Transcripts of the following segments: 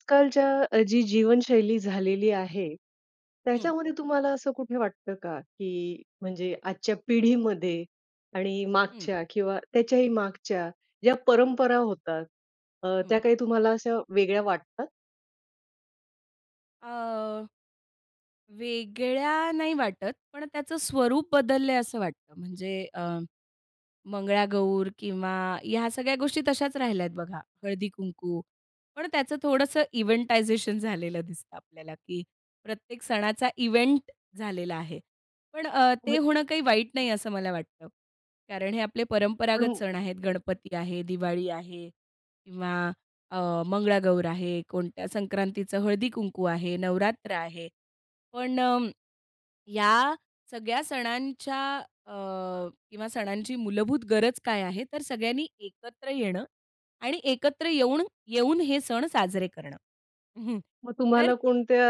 आज कालच्या जी जीवनशैली झालेली आहे, हं. त्याच्यामध्ये तुम्हाला असं कुठे वाटतं का, की म्हणजे आजच्या पिढीमध्ये आणि हं. मागच्या किंवा त्याच्याही मागच्या ज्या परंपरा होतात अ, हं. त्या काही तुम्हाला अशा वेगळ्या वाटतात? अ, वेगळ्या नाही वाटत, पण त्याच स्वरूप बदललंय असं वाटतं. म्हणजे अं, मंगळागौर किंवा ह्या सगळ्या गोष्टी तशाच राहिल्यात बघा. हळदी-कुंकू पण त्याचं थोडंसं इव्हेंटायझेशन झालेलं दिसतं आपल्याला, की प्रत्येक सणाचा इव्हेंट झालेला आहे पण अ, ते होय. होणं काही वाईट नाही असं मला वाटतं. कारण हे आपले पण परंपरागत होत सण आहेत. आहेत, गणपती आहे, दिवाळी आहे किंवा अ, मंगळागौर आहे, कोणत्या संक्रांतीचं हळदी-कुंकू आहे, नवरात्र आहे पण अ, या सगळ्या सणांच्या अ किंवा सणांची मूलभूत गरज काय आहे? तर सगळ्यांनी एकत्र येणं आणि एकत्र येऊन, येऊन हे सण साजरे करणं. हं मग तर तुम्हाला कोणत्या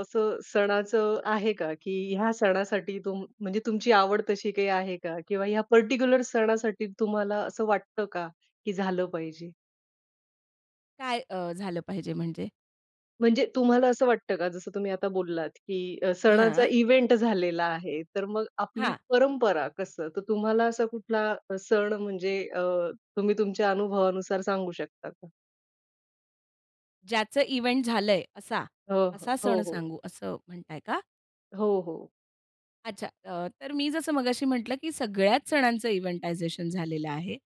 असं सणाचं आहे का, की ह्या सणासाठी तुम म्हणजे तुमची आवड तशी काही आहे का? किंवा ह्या परटिक्युलर सणासाठी तुम्हाला असं वाटतं का की झालं पाहिजे? काय अ, झालं पाहिजे म्हणजे? म्हणजे तुम्हाला असं वाटतं का? जसं तुम्ही आता बोललात की अ, सणाचा हां. इव्हेंट झालेला आहे. तर मग आपली हां. परंपरा कसं? तर तुम्हाला असा कुठला सण म्हणजे अ, तुम्ही तुमच्या अनुभवानुसार सांगू शकता का? ज्याचं इव्हेंट झालंय, असा? हं, हं. असा हो, सण हो. सांगू, असं म्हणताय का? हो, हो. अच्छा, अ, तर मी जसं मगाशी म्हटलं की सगळ्याच सणांचं इव्हेंटायझेशन झालेलं आहे,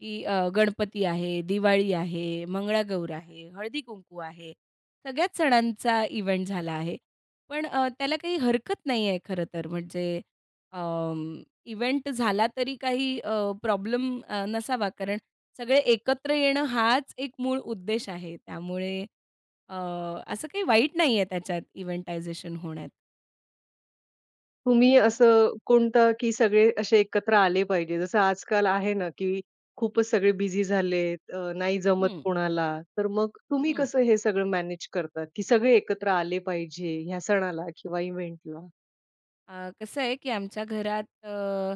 की अ, गणपती आहे, दिवाळी आहे, मंगळागौर आहे, हळदी-कुंकू आहे. सगळ्याच सणांचा इव्हेंट झाला आहे. पण अ, त्याला काही हरकत नाही आहे खरं तर म्हणजे अं, इव्हेंट झाला तरी काही अ, प्रॉब्लम अ, नसावा, कारण सगळे एकत्र येणं हाच एक मूळ उद्देश आहे. त्यामुळे अ, असं काही वाईट नाही आहे त्याच्यात, इव्हेंटायझेशन होण्यात. तुम्ही असं कोणतं की सगळे असे एकत्र आले पाहिजे? जसं आज-काल आहे ना की खूपच सगळे बिझी झालेत, अ, नाही जमत हं. कोणाला तर मग तुम्ही हं. कसं हे सगळं मॅनेज करता, की सगळे एकत्र आले पाहिजे, ह्या सणाला किंवा इव्हेंटला? अ, कसं आहे, की आमच्या घरात अ,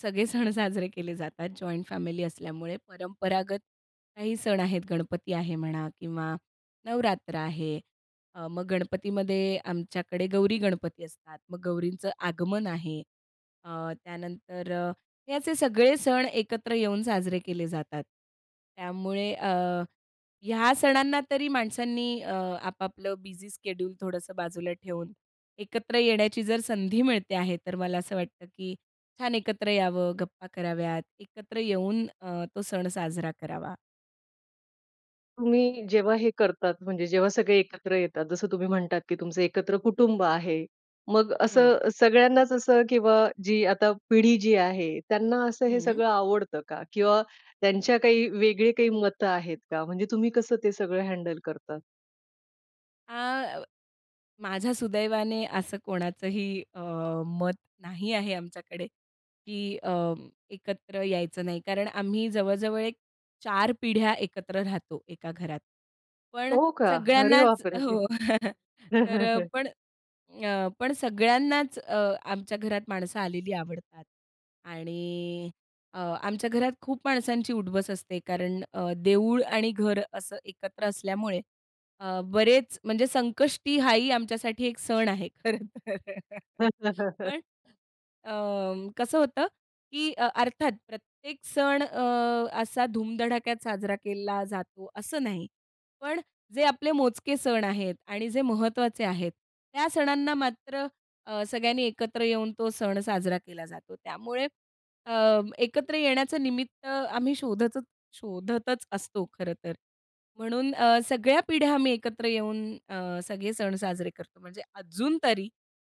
सगळे सण साजरे केले जातात जॉइंट फॅमिली असल्यामुळे, परंपरागत काही सण आहेत, गणपती आहे म्हणा किंवा नवरात्र आहे. अ, मग गणपतीमध्ये आमच्याकडे गौरी-गणपती असतात, मग गौरींचं आगमन आहे अ, त्यानंतर अ, हे असे सगळे सण एकत्र येऊन साजरे केले जातात. त्यामुळे अ, ह्या सणांना तरी माणसांनी अ, आपापलं बिझी शेड्यूल थोडंसं बाजूला ठेवून एकत्र येण्याची जर संधी मिळते आहे, तर मला असं वाटतं, की छान एकत्र यावं, गप्पा कराव्यात, एकत्र येऊन अ, तो सण साजरा करावा. तुम्ही जेव्हा हे करतात, म्हणजे जेव्हा सगळे एकत्र येतात जसं तुम्ही म्हणतात की तुमचं एकत्र कुटुंब आहे. मग हो. असं सगळ्यांनाच असं किंवा जी आता पिढी जी आहे, त्यांना असं हे हं सगळं आवडतं का? किंवा त्यांच्या काही वेगळे काही मतं आहेत का? म्हणजे तुम्ही कसं ते सगळं हँडल करता? आ, माझ्या सुदैवाने असं कोणाचंही अ, मत नाही आहे आमच्याकडे की अ, एकत्र यायचं नाही, कारण आम्ही जवळ-जवळ एक 4 पिढ्या एकत्र राहतो एका घरात. पण हो का? अरे सगळ्यांनाच बाप रे! हो तर अ, पण अ, पण सगळ्यांनाच अ, आमच्या घरात माणसं आलेली आवडतात. आणि अ, आमच्या घरात खूप माणसांची उठ-बस असते कारण अ, देऊळ आणि घर असं एकत्र असल्यामुळे अ, बरेच म्हणजे संकष्टी हा ही आमच्यासाठी एक सण आहे खरं तर. पण अ, कसं होतं की अर्थात प्रत्येक सण अ, असा धूम-धडाक्यात साजरा केला जातो असं नाही, पण जे आपले मोजके सण आहेत आणि जे महत्त्वाचे आहेत त्या सणांना मात्र अ, सगळ्यांनी एकत्र येऊन तो सण साजरा केला जातो. त्यामुळे अ, एकत्र येण्याचं निमित्त आम्ही शोधतत शोधतच असतो खरं तर. म्हणून अ, सगळ्या पिढ्या आम्ही एकत्र येऊन अ, सगळे सण साजरे करतो. म्हणजे अजून तरी.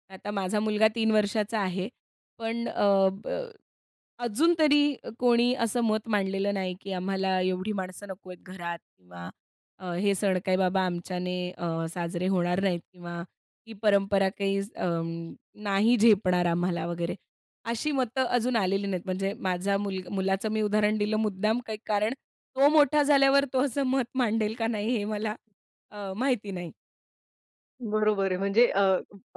आता माझा मुलगा 3 वर्षाचा आहे पण अ, अजून तरी कोणी असं मत मांडलेलं नाही, की आम्हाला एवढी माणसं नको आहेत घरात किंवा हे सण काही बाबा आमच्याने अ, साजरे होणार नाहीत किंवा ही परंपरा काही अ, नाही झेपणार आम्हाला वगैरे अशी मतं अजून आलेली नाहीत. म्हणजे माझा मुलग मुलाचं मी उदाहरण दिलं मुद्दाम काही कारण तो मोठा झाल्यावर तो असं मत मांडेल का नाही हे मला अ, माहिती नाही. बरोबर आहे. म्हणजे अ,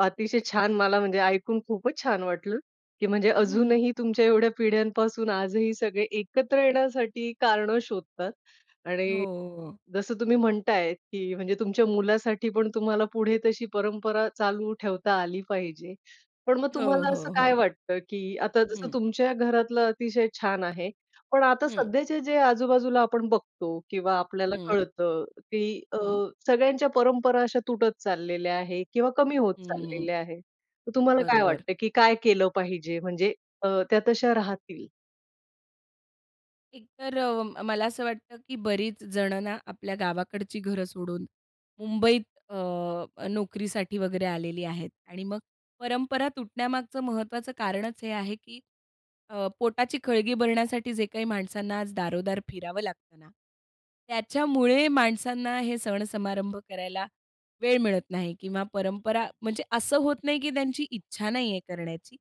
अतिशय छान. मला म्हणजे ऐकून खूपच छान वाटलं की म्हणजे अजूनही तुमच्या एवढ्या पिढ्यांपासून आजही सगळे एकत्र येण्यासाठी कारणं शोधतात. हो, आणि, हो, हो. जसं तुम्ही म्हणताय की म्हणजे तुमच्या मुलासाठी पण तुम्हाला पुढे तशी परंपरा चालू ठेवता आली पाहिजे. पण मग हो, तुम्हाला असं हो, काय हो. वाटतं की आता जसं हं. तुमच्या घरातलं अतिशय छान आहे, पण आता हं. सध्याचे जे आजू-बाजूला आपण बघतो किंवा आपल्याला हम्म. कळतं की अ, हं. सगळ्यांच्या परंपरा अशा तुटत चाललेल्या आहेत किंवा कमी होत हम्म. चाललेल्या आहेत. तर तुम्हाला काय बरोबर. वाटतंय की काय केलं पाहिजे म्हणजे अ, त्या तश्या राहतील? एक, तर अ, मला असं वाटतं की बरीच जण ना आपल्या गावाकडची घरं सोडून मुंबईत अ, नोकरीसाठी वगैरे आलेली आहेत. आणि मग परंपरा तुटण्यामागचं महत्त्वाचं कारणच हे आहे की अ, पोटाची खळगी भरण्यासाठी जे काही माणसांना आज दारो-दार फिरावं लागतं ना त्याच्यामुळे माणसांना हे सण समारंभ करायला वेळ मिळत नाही किंवा परंपरा म्हणजे असं होत नाही की त्यांची इच्छा नाहीये करण्याची,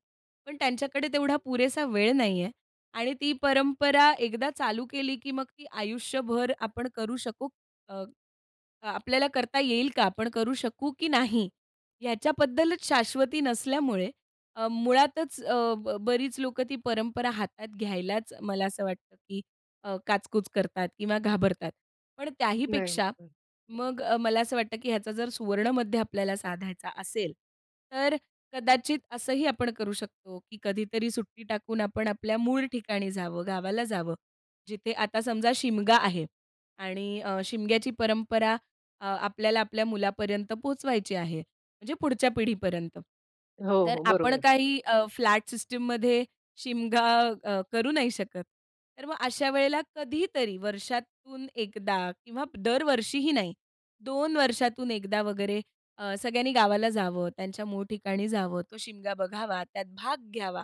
पण त्यांच्याकडे तेवढा पुरेसा वेळ नाही आहे. आणि ती परंपरा एकदा चालू केली, की मग ती आयुष्यभर आपण करू शकू अ आपल्याला करता येईल का? आपण करू शकू की नाही? याच्याबद्दलच शाश्वती नसल्यामुळे अ, मुळातच अ, ब बरीच लोकं ती परंपरा हातात घ्यायलाच मला असं वाटतं की अ, काच-कुच करतात किंवा घाबरतात. पण नाही त्याहीपेक्षा [unintelligible] मग मला असं वाटतं की ह्याचा जर सुवर्णमध्य आपल्याला साधायचा असेल तर कदाचित असंही आपण करू शकतो की कधीतरी सुट्टी टाकून आपण आपल्या मूळ ठिकाणी जावं, गावाला जावं. जिथे आता समजा शिमगा आहे आणि अ, शिमग्याची परंपरा अ आपल्याला आपल्या मुलापर्यंत पोहोचवायची आहे. म्हणजे पुढच्या पिढीपर्यंत, हो, तर हो, आपण बरोबर. काही फ्लॅट सिस्टममध्ये शिमगा अ, करू नाही शकत तर मग अशा वेळेला कधीतरी वर्षातून 1दा किंवा दरवर्षीही नाही, 2 वर्षातून 1 वगैरे सगळ्यांनी गावाला जावं, त्यांच्या मूळ ठिकाणी जावं, तो शिमगा बघावा, त्यात भाग घ्यावा,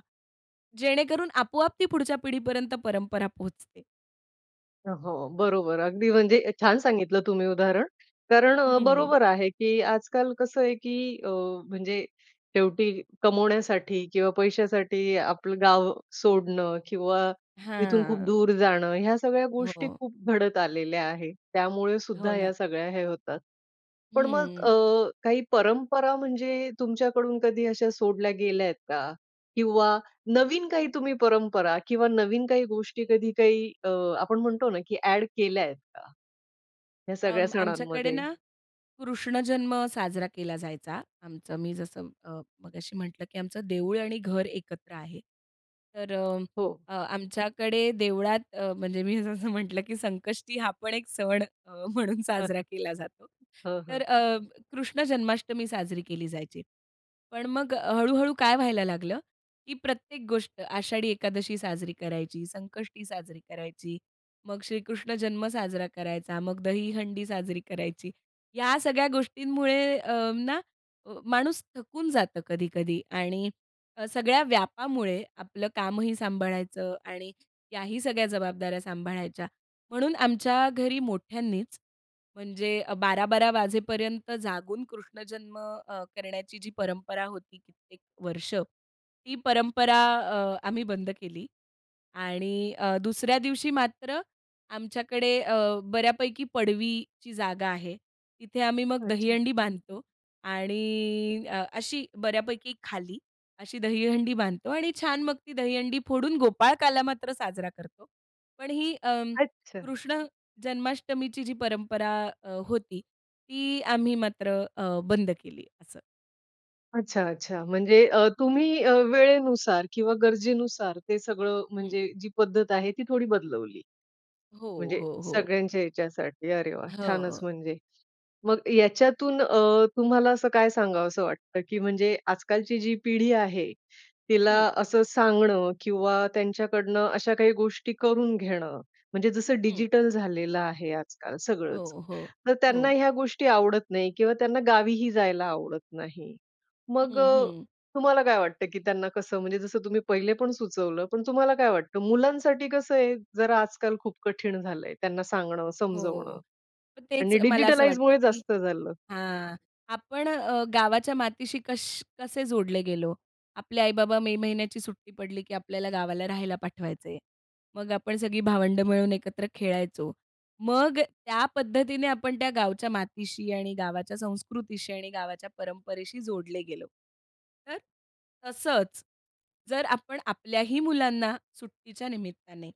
जेणेकरून आपो-आप ती पुढच्या पिढीपर्यंत परंपरा पोहोचते. हो, बरोबर. अगदी म्हणजे छान सांगितलं तुम्ही उदाहरण. कारण हं. बरोबर आहे, की आजकाल कसं आहे की अ, म्हणजे शेवटी कमवण्यासाठी किंवा पैशासाठी आपलं गाव सोडणं किंवा इथून खूप हां. दूर जाणं, ह्या सगळ्या गोष्टी हो. खूप घडत आलेल्या आहे. त्यामुळे हो सुद्धा ना. या सगळ्या हे होतात. पण मग हं. अ, काही परंपरा म्हणजे तुमच्याकडून कधी अशा सोडल्या गेल्यात का? किंवा नवीन काही तुम्ही परंपरा किंवा नवीन काही गोष्टी कधी काही अ, आपण म्हणतो ना की ॲड केल्यायेत का, या सगळ्या अं, आमच्याकडे सणांमध्ये? ना, कृष्णजन्म साजरा केला जायचा. आमचं मी जसं अ, मगाशी म्हटलं की आमचं देऊळ आणि घर एकत्र आहे, तर अ, हो. अ, आमच्याकडे देवळात अ, म्हणजे मी जसं म्हटलं, की संकष्टी हा पण एक सण अ, म्हणून साजरा केला जातो. हं, हं. तर अ, कृष्ण जन्माष्टमी साजरी केली जायची. पण मग हळू-हळू काय व्हायला लागलं, की प्रत्येक गोष्ट आषाढी एकादशी साजरी करायची, संकष्टी साजरी करायची, मग श्रीकृष्ण जन्म साजरा करायचा, मग दहीहंडी साजरी करायची. या सगळ्या गोष्टींमुळे अ, ना माणूस थकून जातो कधी-कधी आणि सगळ्या व्यापामुळे आपलं कामही सांभाळायचं आणि याही सगळ्या जबाबदाऱ्या सांभाळायच्या म्हणून आमच्या घरी मोठ्यांनीच म्हणजे 12-12 वाजेपर्यंत जागून कृष्णजन्म अ, करण्याची जी परंपरा होती कित्येक वर्ष, ती परंपरा अ, आम्ही बंद केली. आणि अ, दुसऱ्या दिवशी मात्र आमच्याकडे अ, बऱ्यापैकी पडवीची जागा आहे तिथे आम्ही मग अच्छा. दहीहंडी बांधतो आणि अ, अशी बऱ्यापैकी खाली, अशी दहीहंडी बांधतो आणि छान मग ती दहीहंडी फोडून गोपाळकाला मात्र साजरा करतो. पण ही अ, अच्छा. कृष्ण जन्माष्टमीची जी परंपरा अ, होती, ती आम्ही मात्र अ, बंद केली असं. अच्छा, अच्छा. म्हणजे अ, तुम्ही अ, वेळेनुसार किंवा गरजेनुसार ते सगळं हं. म्हणजे जी पद्धत आहे ती थोडी बदलवली. हो, म्हणजे हो, हो. सगळ्यांच्या ह्याच्यासाठी. अरे वाह! छानच हो. म्हणजे. मग याच्यातून अ, तुम्हाला असं काय सांगावसं वाटतं, की म्हणजे आज-कालची जी पिढी आहे, तिला हं. असं सांगणं किंवा त्यांच्याकडनं अशा काही गोष्टी करून घेणं, म्हणजे जसं हं. डिजिटल झालेलं आहे आज-काल सगळंच, हो, हो, तर त्यांना हो. ह्या गोष्टी आवडत नाही किंवा त्यांना गावीही जायला आवडत नाही. मग हं, अ, हं. तुम्हाला काय वाटतं? की त्यांना कसं म्हणजे जसं तुम्ही पहिले पण सुचवलं, पण तुम्हाला काय वाटतं? मुलांसाठी कसं आहे जरा आज-काल खूप कठीण झालंय. त्यांना सांगणं, हो. समजवणं तेच आणि मला असं वाटतं, डिजिटलाईजमुळे की जास्त झालं. हां, आपण अ, गावाच्या मातीशी कश कसे जोडले गेलो? आपले आई-बाबा मे महिन्याची सुट्टी पडली, की आपल्याला गावाला राहायला पाठवायचे. मग आपण सगळी भावंडं मिळून एकत्र खेळायचो. मग त्या पद्धतीने आपण त्या गावच्या मातीशी आणि गावाच्या संस्कृतीशी आणि गावाच्या परंपरेशी जोडले गेलो. तर, तसंच जर आपण आपल्याही मुलांना सुट्टीच्या निमित्ताने,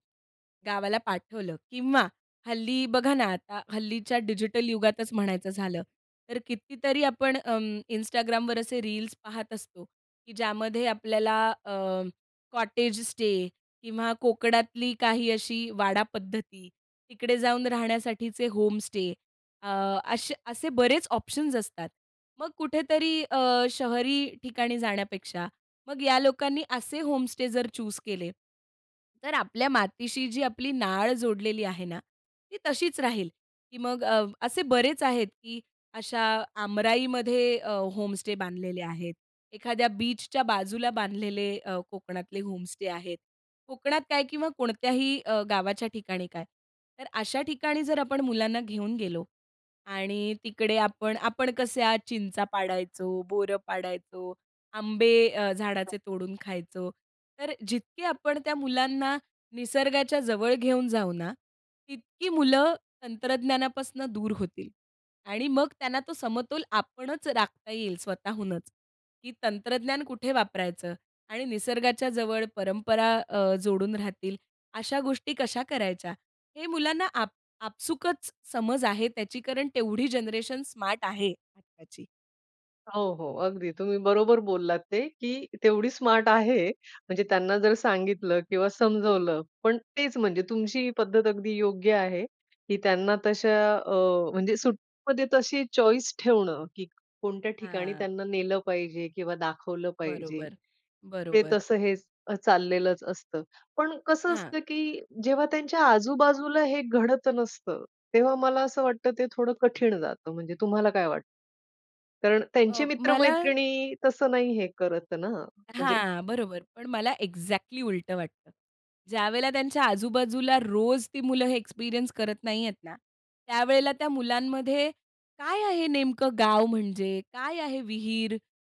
गावाला पाठवलं किंवा हल्ली बघा ना, आता हल्लीच्या डिजिटल युगातच म्हणायचं झालं तर कितीतरी आपण अं, Instagramवर असे रील्स पाहत असतो, की ज्यामध्ये आपल्याला अ, कॉटेज स्टे, किंवा कोकणातली काही अशी वाडा पद्धती, तिकडे जाऊन राहण्यासाठीचे होमस्टे अ, अशे असे बरेच ऑप्शन्स असतात. मग कुठेतरी अ, शहरी ठिकाणी जाण्यापेक्षा मग या लोकांनी असे होमस्टे जर चूज केले, तर आपल्या मातीशी जी आपली नाळ जोडलेली आहे ना ती तशीच राहील. की मग अ, असे बरेच आहेत की अशा आमराईमध्ये अ, होमस्टे बांधलेले आहेत. एखाद्या बीचच्या बाजूला बांधलेले अ, कोकणातले होमस्टे आहेत. कोकणात काय? किंवा कोणत्याही अ, गावाच्या ठिकाणी काय? तर अशा ठिकाणी जर आपण मुलांना घेऊन गेलो आणि तिकडे आपण आपण कशा चिंचा पाडायचो, बोरं पाडायचो, आंबे अ, झाडाचे तोडून खायचो. तर जितकी आपण त्या मुलांना निसर्गाच्या जवळ घेऊन जाऊ ना, तितकी मुलं तंत्रज्ञानापासनं दूर होतील आणि मग त्यांना तो समतोल आपणच राखता येईल स्वतःहूनच, की तंत्रज्ञान कुठे वापरायचं आणि निसर्गाच्या जवळ परंपरा अ, जोडून राहतील अशा गोष्टी कशा करायच्या, हे मुलांना आप आपसूकच समज आहे त्याची कारण तेवढी जनरेशन स्मार्ट आहे आत्ताची. हो, हो, अगदी तुम्ही बरोबर बोललात ते की तेवढी स्मार्ट आहे, म्हणजे त्यांना जर सांगितलं किंवा समजावलं. पण तेच म्हणजे तुमची ही पद्धत अगदी योग्य आहे की त्यांना तशा अ, म्हणजे सुट्टीमध्ये तशी चॉईस ठेवणं, की कोणत्या ठिकाणी हां. त्यांना नेलं पाहिजे किंवा दाखवलं पाहिजे, बरोबर, ते बरोबर. तसं हेच अ चाललेलंच असतं. पण कसं हां. असतं की जेव्हा त्यांच्या आजूबाजूला हे घडत नसतं, तेव्हा मला असं वाटतं ते थोडं कठीण जातं. म्हणजे तुम्हाला काय वाटतं? कारण त्यांची अ, मला मित्र-मैत्रिणी तसं नाही हे करत ना? म्हणजे हां, बरोबर. पण मला एक्झॅक्टली उलटं वाटतं. ज्यावेळेला त्यांच्या आजू-बाजूला रोज ती मुलं हे एक्सपिरियन्स करत नाहीयेत ना, त्यावेळेला त्या मुलांमध्ये काय आहे नेमकं गाव म्हणजे? काय आहे विहीर?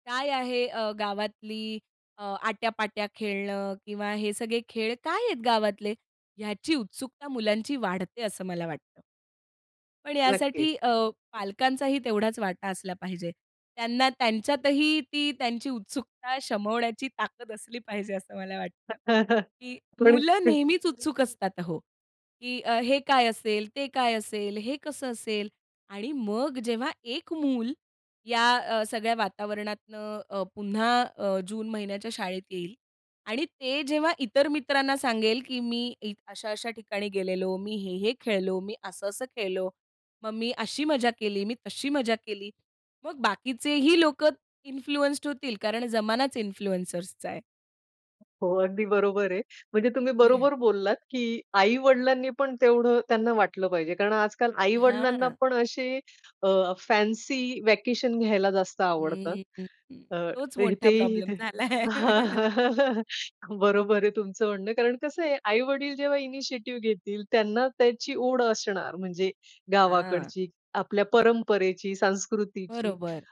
काय आहे अ, गावातली अ, आट्या-पाट्या खेळणं किंवा हे सगळे खेळ काय आहेत गावातले? ह्याची उत्सुकता मुलांची वाढते असं मला वाटतं. पण नक्की. यासाठी अ, पालकांचाही तेवढाच वाटा असला पाहिजे. त्यांना त्यांच्यातही ती त्यांची उत्सुकता शमवण्याची ताकद असली पाहिजे, असं मला वाटतं की खरंच मुलं तेच नेहमीच उत्सुक असतात अहो, की अ, हे काय असेल? ते काय असेल? हे कसं असेल? आणि मग जेव्हा 1 मूल या अ, सगळ्या वातावरणातनं अ, पुन्हा अ, जून महिन्याच्या शाळेत येईल आणि ते जेव्हा इतर मित्रांना सांगेल की "मी इ अशा-अशा ठिकाणी गेलेलो. मी हे-हे खेळलो, मी असं-असं खेळलो. मग मी अशी मजा केली, मी तशी मजा केली." मग बाकीचेही लोकं इन्फ्लुएंस्ड होतील कारण जमानाच इन्फ्लुएन्सर्सचा आहे. हो, अगदी बरोबर आहे. म्हणजे तुम्ही बरोबर बोललात की आई-वडिलांनी पण तेवढं त्यांना वाटलं पाहिजे. कारण आजकाल आई-वडिलांना हां. पण असे अ, फॅन्सी व्हॅकेशन घ्यायला जास्त आवडतात. हम्म, अ, तोच मोठा इथेही प्रॉब्लेम ते झालाय. बरोबर आहे तुमचं म्हणणं. कारण कसं आहे आई-वडील जेव्हा इनिशिएटिव्ह घेतील, त्यांना त्याची ओढ असणार म्हणजे हां. गावाकडची, आपल्या परंपरेची, संस्कृतीची, बरोबर.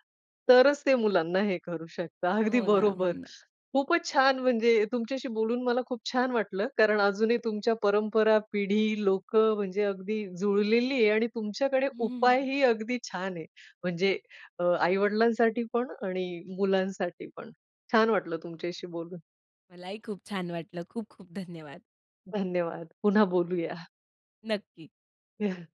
तरच ते मुलांना हे करू शकतात. अगदी हो ना, हो बरोबर. ना. खूपच छान म्हणजे तुमच्याशी बोलून मला खूप छान वाटलं, कारण अजूनही तुमच्या परंपरा, पिढी, लोकं म्हणजे अगदी जुळलेली आहे आणि तुमच्याकडे हं. उपायही अगदी छान आहे. म्हणजे अ, आई-वडिलांसाठी पण आणि मुलांसाठी पण. छान वाटलं तुमच्याशी बोलून. मलाही खूप छान वाटलं. खूप-खूप धन्यवाद. धन्यवाद. पुन्हा बोलूया. नक्की.